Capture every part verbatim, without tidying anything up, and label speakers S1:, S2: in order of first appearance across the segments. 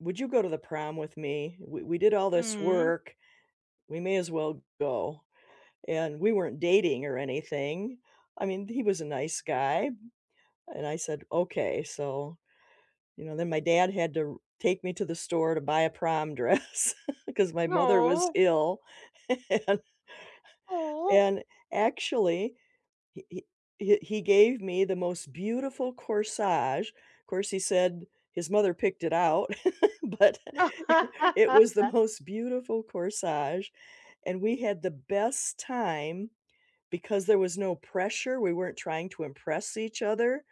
S1: "Would you go to the prom with me? We we did all this
S2: Mm.
S1: work, we may as well go," and we weren't dating or anything. I mean, he was a nice guy, and I said, "Okay," so, you know, then my dad had to r take me to the store to buy a prom dress 'cause my mother was
S2: Aw.
S1: ill and
S2: Aw.
S1: and actually, he he he he gave me the most beautiful corsage. 'Course, he said his mother picked it out, but it was the most beautiful corsage, and we had the best time because there was no pressure, we weren't trying to impress each other,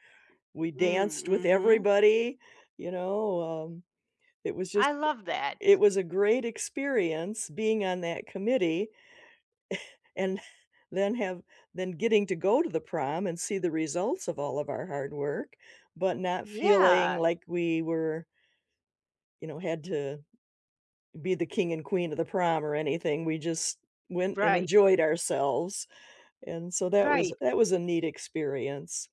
S1: we
S2: Mm,
S1: danced with
S2: mhm.
S1: everybody, you know, um, it was just
S2: I love that.
S1: it was a great experience being on that committee. And then have then getting to go to the prom and see the results of all of our hard work but not feeling
S2: Yeah.
S1: like we were you know, had to be the king and queen of the prom or anything, we just went and
S2: Right.
S1: enjoyed ourselves, and so that was
S2: Right.
S1: that was a neat experience.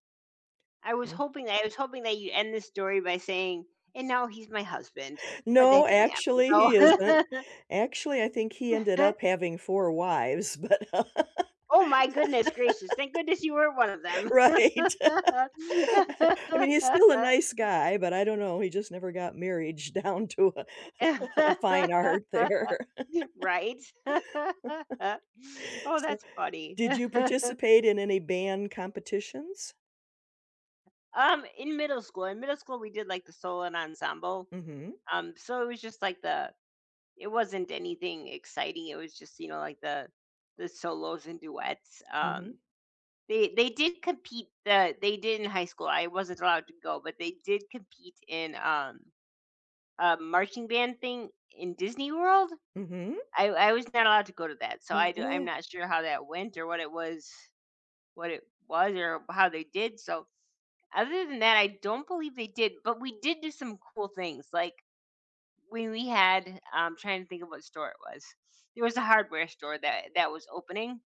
S2: I was
S1: Mm.
S2: hoping I was hoping that you end this story by saying, "And now he's my husband," but that
S1: No,
S2: didn't happen,
S1: actually, he isn't.
S2: so
S1: Actually, I think he ended up having four wives, but
S2: Oh my goodness gracious, thank goodness you weren't one of them.
S1: right. I I mean, he's still a nice guy, but I don't know, he just never got marriage down to a a fine art there.
S2: Right. Oh,
S1: So
S2: that's funny.
S1: did you participate in any band competitions?
S2: Um, in middle school in middle school, we did like the solo ensemble,
S1: Mhm.
S2: um, so it was just like the it wasn't anything exciting, it was just, you know, like the the solos and duets. Um,
S1: Mhm.
S2: they they did compete, uh, they did in high school. I wasn't allowed to go, but they did compete in, um, uh, marching band thing in Disney World.
S1: Mhm.
S2: I I was not allowed to go to that, so I do I'm
S1: Oh.
S2: not sure how that went, or what it was what it was or how they did, so, other than that, I don't believe they did, but we did do some cool things, like, we we had I'm trying to think of what store it was. It was a hardware store that that was opening.